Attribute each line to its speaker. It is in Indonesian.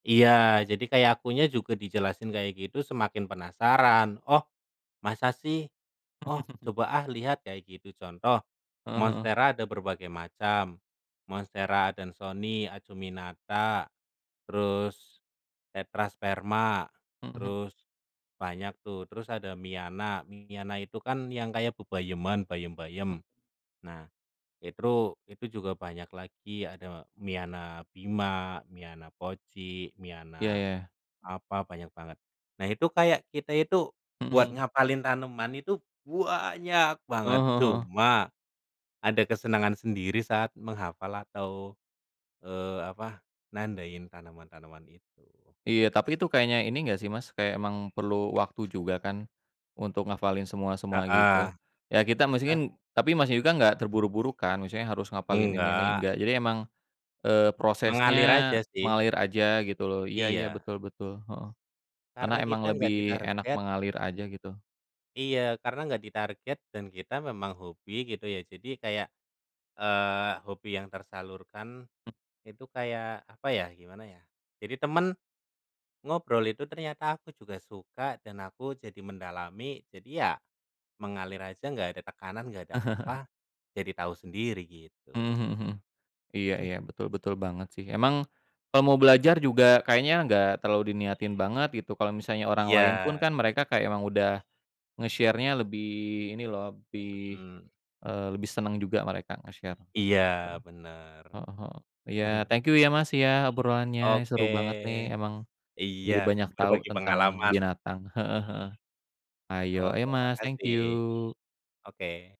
Speaker 1: Iya, jadi kayak akunya juga dijelasin kayak gitu semakin penasaran. "Oh masa sih? Oh coba ah lihat," kayak gitu contoh,
Speaker 2: Heeh heeh.
Speaker 1: monstera ada berbagai macam, Monstera adansonii, acuminata, terus tetrasperma,
Speaker 2: Mhm.
Speaker 1: terus banyak tuh, terus ada miana. Miana itu kan yang kayak bebayeman, bayem-bayem. Nah, itru itu juga banyak lagi ada miana bima, miana poci,
Speaker 2: Iya,
Speaker 1: miana
Speaker 2: ya.
Speaker 1: apa, banyak banget. Nah itu kayak kita itu
Speaker 2: Mhm
Speaker 1: buat
Speaker 2: mhm.
Speaker 1: ngafalin tanaman itu banyak banget,
Speaker 2: Heeh heeh heeh.
Speaker 1: cuma ada kesenangan sendiri saat menghafal atau, eee, apa, nandain tanaman-tanaman itu.
Speaker 2: Iya, tapi itu kayaknya ini enggak sih Mas, kayak emang perlu waktu juga kan untuk ngafalin semua-semua
Speaker 1: Heeh.
Speaker 2: gitu. Ya kita masuki
Speaker 1: Ah.
Speaker 2: tapi Masnya juga enggak terburu-buru kan, maksudnya harus ngafalin ini ini
Speaker 1: Enggak.
Speaker 2: enggak, jadi emang, eee, prosesnya
Speaker 1: Mengalir aja sih.
Speaker 2: mengalir aja gitu loh. Iya iya,
Speaker 1: Iya.
Speaker 2: betul betul, heeh. Karena
Speaker 1: Karena
Speaker 2: emang
Speaker 1: kita
Speaker 2: lebih
Speaker 1: enggak
Speaker 2: enak
Speaker 1: ditarget
Speaker 2: mengalir aja gitu.
Speaker 1: Iya, karena enggak ditarget, dan kita memang hobi gitu ya jadi kayak, eee, hobi yang tersalurkan,
Speaker 2: E
Speaker 1: itu kayak apa ya, gimana ya, jadi tema n ngobrol itu ternyata aku juga suka dan aku jadi mendalami, jadi ya mengalir aja, nggak ada tekanan nggak ada apa, jadi tahu sendiri
Speaker 2: Mmm,
Speaker 1: gitu.
Speaker 2: mhm mhm. Iya iya, betul betul banget sih. Emang kalau mau belajar juga kayaknya enggak terlalu diniatin banget gitu, kalau misalnya orang lain pun
Speaker 1: Iya.
Speaker 2: kan mereka kayak emang udah nge-share-nya lebih ini loh, lebih,
Speaker 1: Mhm.
Speaker 2: eee, lebih seneng juga mereka nge-share,
Speaker 1: Iya
Speaker 2: gitu.
Speaker 1: benar.
Speaker 2: Heeh heeh. Iya
Speaker 1: Mhm.
Speaker 2: thank you ya Mas ya, obrolannya
Speaker 1: Oke.
Speaker 2: seru banget nih, emang
Speaker 1: Iya.
Speaker 2: jadi banyak tahu
Speaker 1: Berbagi
Speaker 2: tentang
Speaker 1: pengalaman.
Speaker 2: binatang, heeh heeh. Hayo, ayo
Speaker 1: Oke
Speaker 2: Mas, thank
Speaker 1: makasih.
Speaker 2: you.
Speaker 1: Oke.